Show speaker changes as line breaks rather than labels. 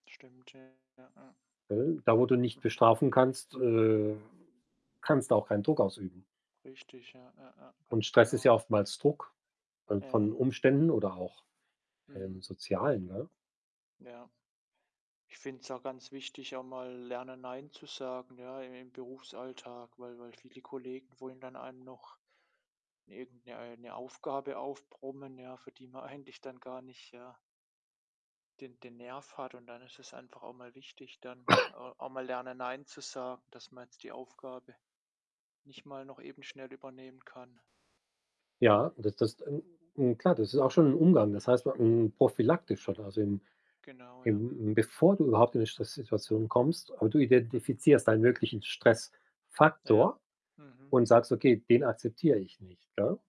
Stimmt, ja, ja.
Da, wo du nicht
Mhm.
bestrafen kannst, äh, kannst du auch keinen Druck ausüben.
Richtig, ja, ja, ja,
Und
ganz
Stress ist
genau.
ja oftmals Druck von
Ja.
von Umständen oder auch, ähm,
Mhm.
Sozialen, ne?
Ja. Ich finde es auch ganz wichtig, auch mal lernen, nein zu sagen, ja, im im Berufsalltag, weil weil viele Kollegen wollen dann einem noch irgend 'ne äh, 'ne Aufgabe aufbrummen, ja, für die man eigentlich dann gar nicht, ja den den Nerv hat. Und dann ist es einfach auch mal wichtig, dann auch mal lernen, Nein zu sagen, dass man jetzt die Aufgabe nicht mal noch eben schnell übernehmen kann.
Ja, das das n n klar, das ist auch schon im Umgang. Das heißt, hm, prophylaktisch oder also, im
Genau, ja.
im bevor du überhaupt in 'ne Stresssituation kommst aber du
Mhm.
identifizierst deinen möglichen
Ja,
Stressfaktor
mhm.
und sagst: „Okay, den akzeptier ich nicht,“ ne?